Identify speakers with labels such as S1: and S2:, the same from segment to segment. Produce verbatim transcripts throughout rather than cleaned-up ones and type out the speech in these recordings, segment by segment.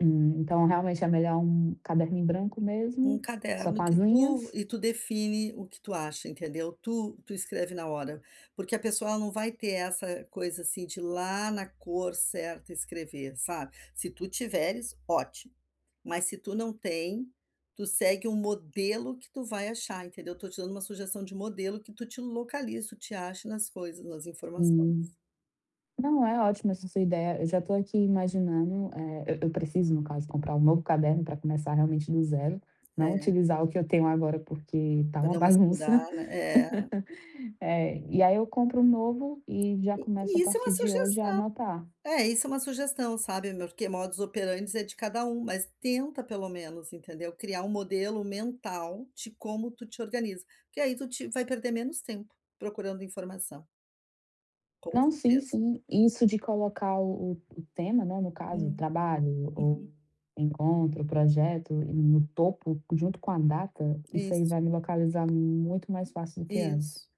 S1: Então, realmente, é melhor um caderno em branco
S2: Um
S1: mesmo, só
S2: caderno
S1: com as
S2: que tu
S1: linhas
S2: e tu define o que tu acha, entendeu, tu tu escreve na hora. Porque a pessoa, ela não vai ter essa coisa, assim, de ir lá na cor certa escrever, sabe. Se tu tiveres, ótimo, mas se tu não tem, tu segue um modelo que tu vai achar, entendeu. Estou te dando um sugestão de modelo que tu te localiza, tu te ache nas coisas, nas informações.
S1: Hum. Não, é ótima essa sua ideia, eu já estou aqui imaginando, eh, eu eu preciso no caso comprar um novo caderno pra começar, realmente, no zero, não
S2: É.
S1: utilizar o que eu tenho agora, porque tá
S2: Pra
S1: uma
S2: não misturar,
S1: bagunça.
S2: né é.
S1: Eh, e aí eu compro um novo e já
S2: E
S1: começo a
S2: e isso é uma
S1: partir de hoje a
S2: sugestão.
S1: anotar.
S2: É, isso é uma sugestão, sabe, morque modus operandi é de cada um, mas tenta pelo menos, entendeu, criar um modelo mental de como tu te organiza, porque aí tu te vai perder menos tempo procurando informação. Com
S1: Não, sim,
S2: certeza.
S1: sim. Isso de colocar o o o tema, né, no caso,
S2: Hum.
S1: trabalho ou
S2: Uhum.
S1: encontro, projeto, e no topo, junto com a data, isso aí
S2: Isso.
S1: vai me localizar muito mais fácil do que antes.
S2: Isso,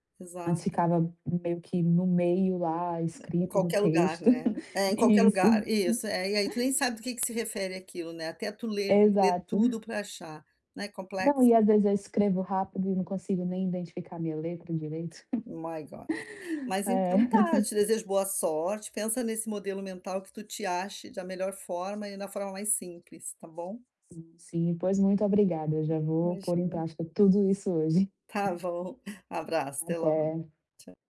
S1: Antes
S2: exato.
S1: ficava meio que no meio lá,
S2: Em
S1: escrito no
S2: qualquer lugar,
S1: texto.
S2: né. É, em qualquer
S1: Isso.
S2: lugar isso, é, e aí tu nem sabe do que que se refere aquilo, né, até tu ler tem que ler
S1: Exato.
S2: tudo pra achar, né,
S1: Não,
S2: complexo.
S1: e às vezes eu escrevo rápido e não consigo nem identificar a minha letra direito.
S2: My God. Mas
S1: É.
S2: então tá, eu te desejo boa sorte, pensa nesse modelo mental que tu te ache da melhor forma e na forma mais simples, tá bom.
S1: Sim, pois muito obrigada, eu já vou pôr em
S2: Imagina.
S1: prática tudo isso hoje.
S2: Tá bom. Abraço, até logo.
S1: Até.
S2: Tch